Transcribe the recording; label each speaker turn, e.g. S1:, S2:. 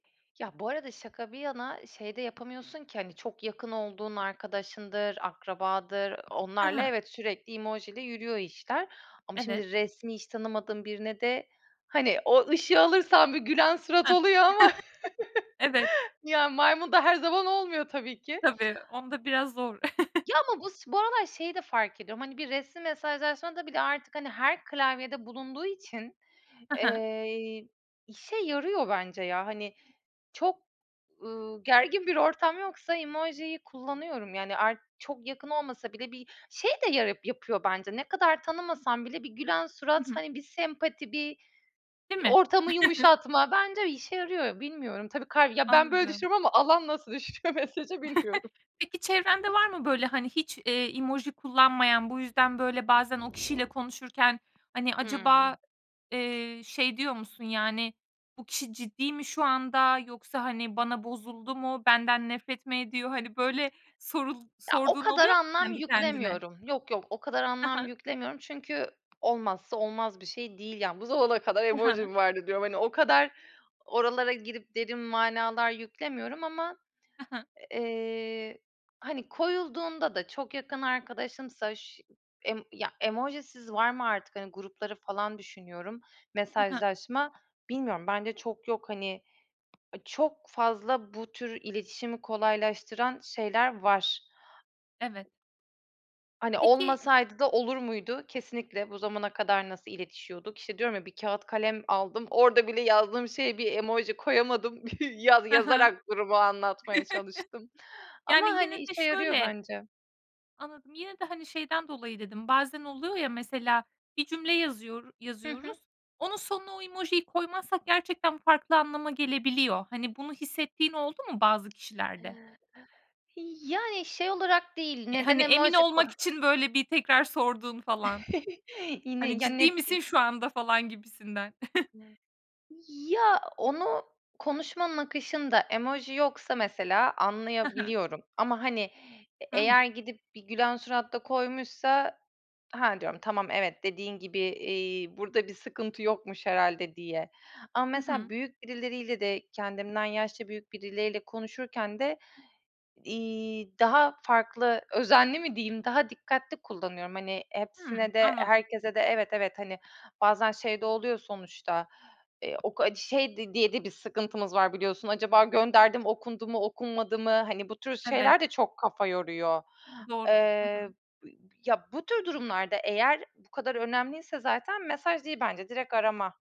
S1: Ya, bu arada şaka bir yana, şey de yapamıyorsun ki Hani, çok yakın olduğun arkadaşındır, akrabadır
S2: Ha
S1: onlarla,
S2: ha.
S1: evet, sürekli emojiyle yürüyor işler. Ama
S2: Evet.
S1: şimdi resmi, hiç tanımadığın birine de, hani O ışığı alırsan bir gülen surat
S2: Ha.
S1: oluyor ama,
S2: Evet.
S1: ya, maymun da her zaman olmuyor tabii ki.
S2: Tabii, onda biraz zor.
S1: Ya, ama bu s bu aralar şeyi de fark ediyorum: Hani, bir resmi mesajlaşmada bile artık, hani, her klavyede bulunduğu için,
S2: Hı hı.
S1: eee, işe yarıyor bence ya. Hani, çok, ııı, gergin bir ortam yoksa emojiyi kullanıyorum. Yani ar çok yakın olmasa bile bir Şey de yara yapıyor bence. Ne kadar tanımasam bile bir gülen
S2: Hı
S1: surat,
S2: hı.
S1: hani, bir sempati, bir, iii,
S2: Değil mi?
S1: ortamı yumuşatma bence işe yarıyor bilmiyorum. Tabii kal Ya, ben böyle
S2: Anladım.
S1: düşünüyorum ama alan nasıl düşünüyor mesajı bilmiyorum.
S2: Peki çevrende var mı böyle, hani, hiç, iii, emoji kullanmayan? Bu yüzden, böyle, bazen o kişiyle konuşurken, hani,
S1: Hıı.
S2: acaba, eee, şey diyor musun? Yani, "Bu kişi ciddi mi şu anda yoksa, hani, bana bozuldu mu? Benden nefret mi ediyor?" Hani, böyle sorul
S1: Ya, o
S2: sorduğun
S1: kadar
S2: oluyor mu
S1: anlam
S2: kendi kendine?
S1: yüklemiyorum. Yok, yok, o kadar
S2: Hı
S1: anlam
S2: hı.
S1: yüklemiyorum çünkü olmazsa olmaz bir şey değil. Yani, "Bu zamana kadar
S2: Hı
S1: emoji
S2: hı.
S1: mi vardı?" diyorum. Hani, o kadar oralara girip derin manalar yüklemiyorum. Ama,
S2: Hı hı.
S1: eee, hani, koyulduğunda da çok yakın arkadaşımsa ş emm Ya, emojisiz var mı artık? Hani, grupları falan düşünüyorum.
S2: Hı hı.
S1: Mesajlaşma Bilmiyorum, bence çok yok. Hani, çok fazla bu tür iletişimi kolaylaştıran şeyler var.
S2: Evet.
S1: Hani,
S2: Peki
S1: olmasaydı da olur muydu? Kesinlikle, bu zamana kadar nasıl iletişiyorduk? İşte, diyorum ya: Bir kağıt kalem aldım, orada bile yazdığım şeye bir emoji koyamadım. Yaz
S2: Hı hı.
S1: yazarak gruba anlatmaya çalıştım. Ama,
S2: Yani yine
S1: hani,
S2: de
S1: işe yarıyor
S2: şöyle
S1: bence.
S2: Anladım. Yine de, hani, şeyden dolayı dedim: Bazen oluyor ya, mesela, bir cümle yazıyor
S1: Hı
S2: yazıyoruz;
S1: hı.
S2: onun sonuna o emojiyi koymazsak gerçekten farklı anlama gelebiliyor. Hani, bunu hissettiğin oldu mu bazı kişilerde?
S1: Yani, şey olarak değil:
S2: E,
S1: Neden
S2: hani, emin
S1: emoji koy
S2: olmak için, böyle, bir tekrar sorduğun falan.
S1: Yine
S2: Hani,
S1: Ya, ne
S2: "Ciddi misin
S1: d
S2: şu anda?" falan gibisinden.
S1: [unintelligible] Ya, onu konuşmanın akışında emoji yoksa, mesela,
S2: Hı hı.
S1: anlayabiliyorum. Ama, hani, e
S2: Hı hı.
S1: eğer gidip bir gülen surat da koymuşsa, "Ha!" diyorum, "Tamam, evet, dediğin gibi, eee, burada bir sıkıntı yokmuş herhâlde." diye. Ama
S2: Hı
S1: mesela
S2: hı.
S1: büyük birileriyle de kendimden yaşça büyük birileriyle konuşurken de, iii, daha farklı "özenli" mi diyeyim? Daha dikkatli kullanıyorum. Hani,
S2: Hıı,
S1: hepsine de,
S2: anladım.
S1: herkese de Evet, evet, hani, bazen şey de oluyor sonuçta: Eee, o ka Şey diye de bir sıkıntımız var, biliyorsun: "Acaba gönderdim, okundu mu, okunmadı mı?" Hani, bu tür
S2: Evet.
S1: şeyler de çok kafa yoruyor.
S2: Doğru. Hı
S1: Eee,
S2: hı.
S1: b Ya, bu tür durumlarda eğer bu kadar önemliyse zaten mesaj değil bence, direkt arama.